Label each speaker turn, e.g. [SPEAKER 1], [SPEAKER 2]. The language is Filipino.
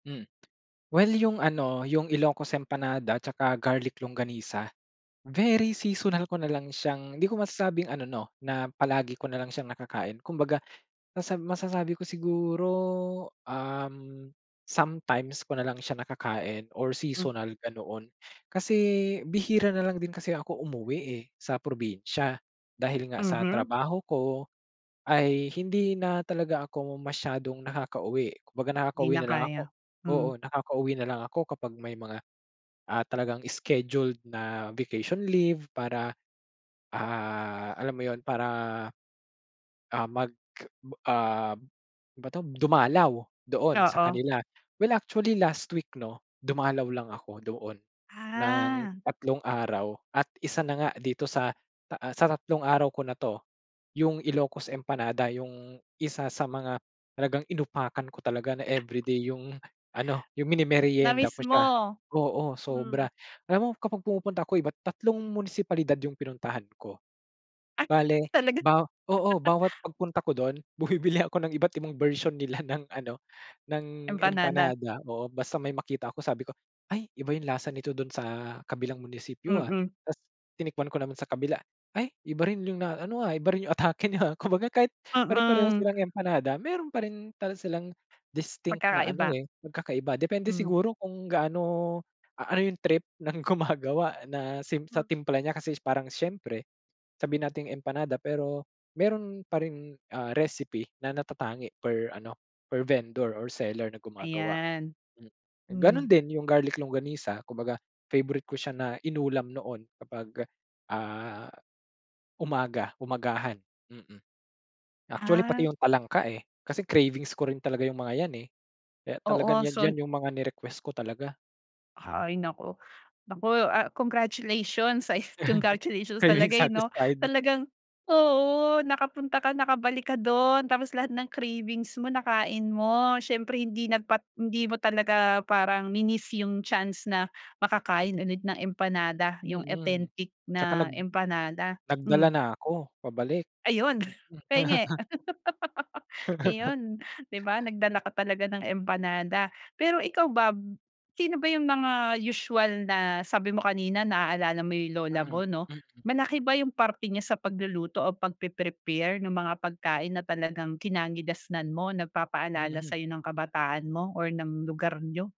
[SPEAKER 1] Hmm, well 'yung ano 'yung Ilocos Empanada at saka garlic longganisa, very seasonal ko nalang siyang hindi ko masasabing ano 'no, na palagi ko nalang siyang nakakain kumbaga masab masasabi ko siguro, uhm, sometimes ko nalang siya nakakain or
[SPEAKER 2] Hmm.
[SPEAKER 1] seasonal ganoon. Kasi bihira nalang din kasi ako umuwi, eh, sa probinsya. Dahil nga sa
[SPEAKER 2] Mhm.
[SPEAKER 1] trabaho ko, ay hindi na talaga ako masyadong nakakauwi. Kumbaga,
[SPEAKER 2] 'Di
[SPEAKER 1] nakakauwi
[SPEAKER 2] na
[SPEAKER 1] nalang ako
[SPEAKER 2] kaya, hmm.
[SPEAKER 1] oo nakakauwi nalang ako kapag may mga, ah, talagang scheduled na vacation leave. Para, ah, alam mo yun para, ah, mag, um, ba 'to dumalaw doon sa
[SPEAKER 2] Oo.
[SPEAKER 1] kanila. Well, actually last week 'no, dumalaw lang ako doon ng
[SPEAKER 2] Ah.
[SPEAKER 1] tatlong araw at isa na nga dito sa ta ah, sa tatlong araw ko na 'to, 'yung Ilocos Empanada 'yung isa, sa mga talagang inupakan ko talaga. Na,
[SPEAKER 2] Ah.
[SPEAKER 1] everyday 'yung ano 'yung mini-meryenda ko
[SPEAKER 2] Na-miss
[SPEAKER 1] siya
[SPEAKER 2] mo.
[SPEAKER 1] oo sobra.
[SPEAKER 2] Mm.
[SPEAKER 1] Alam mo kapag pumupunta ko iba't tatlong munisipalidad 'yung pinuntahan ko.
[SPEAKER 2] Ah,
[SPEAKER 1] Bale
[SPEAKER 2] talaga.
[SPEAKER 1] baw oo bawat pagpunta ko do'n, bumibili ako ng iba't ibang bersyon nila ng ano ng
[SPEAKER 2] Empanada.
[SPEAKER 1] empanada oo basta may makita ko sabi ko, "Ay iba 'yung lasa nito dun sa kabilang munisipyo, ah,"
[SPEAKER 2] Mm.
[SPEAKER 1] tapos tinikman ko naman sa kabila, "Ay iba rin 'yung na ano, ah, iba rin yung atake niya ah," kumbaga kahit pare-pareho
[SPEAKER 2] Mm.
[SPEAKER 1] silang empanada, meron pa rin talagang silang distinct na ano
[SPEAKER 2] Pagkakaiba.
[SPEAKER 1] eh pagkakaiba. Depende
[SPEAKER 2] Mm.
[SPEAKER 1] siguro kung gaano, a ano 'yung trip ng gumagawa na same sa
[SPEAKER 2] Mm.
[SPEAKER 1] timpla niya kasi parang siyempre, sabihin nating empanada pero meron pa rin, ah, recipe na natatangi per ano per vendor or seller na gumagawa
[SPEAKER 2] Ayan.
[SPEAKER 1] hmm. Gano'n
[SPEAKER 2] Hmm.
[SPEAKER 1] din 'yung garlic longganisa kumbaga favorite ko siya na inulam noon, kapag, ah, umaga umagahan mm. Actually pati
[SPEAKER 2] Ah.
[SPEAKER 1] 'yung talangka, eh, kasi cravings ko rin talaga 'yung mga yan, eh. Kaya talagang
[SPEAKER 2] Oo,
[SPEAKER 1] 'yan
[SPEAKER 2] so
[SPEAKER 1] 'yan
[SPEAKER 2] n
[SPEAKER 1] 'yung mga ni-request ko talaga.
[SPEAKER 2] Hay, naku. Naku, ah, congratulations sa congratulations
[SPEAKER 1] Craving
[SPEAKER 2] talaga, eh 'no.
[SPEAKER 1] satisfied.
[SPEAKER 2] Talagang oo nakapunta, ka nakabalik ka do'n, tapos lahat ng cravings mo nakain mo. Siyempre hindi nagpat hindi mo talaga parang mi-niss 'yung chance na makakain ulit ng empanada 'yung
[SPEAKER 1] Mm,
[SPEAKER 2] authentic
[SPEAKER 1] 'tsaka
[SPEAKER 2] na
[SPEAKER 1] nag
[SPEAKER 2] empanada
[SPEAKER 1] nagdala
[SPEAKER 2] mm.
[SPEAKER 1] na ako pabalik
[SPEAKER 2] Ayun,
[SPEAKER 1] mm.
[SPEAKER 2] pahingi. Iyon 'di ba, nagdala ka talaga ng empanada. Pero, ikaw ba b sino ba 'yung mga usual na sabi mo kanina naaalala mo 'yung lola
[SPEAKER 1] Mm,
[SPEAKER 2] mo 'no.
[SPEAKER 1] mm.
[SPEAKER 2] Malaki ba 'yung parte niya sa pagluluto o pagpre-prepare nung mga pagkain na talagang kinagisnan mo nagpapaalala
[SPEAKER 1] Mm.
[SPEAKER 2] sayo ng kabataan mo or ng lugar niyo?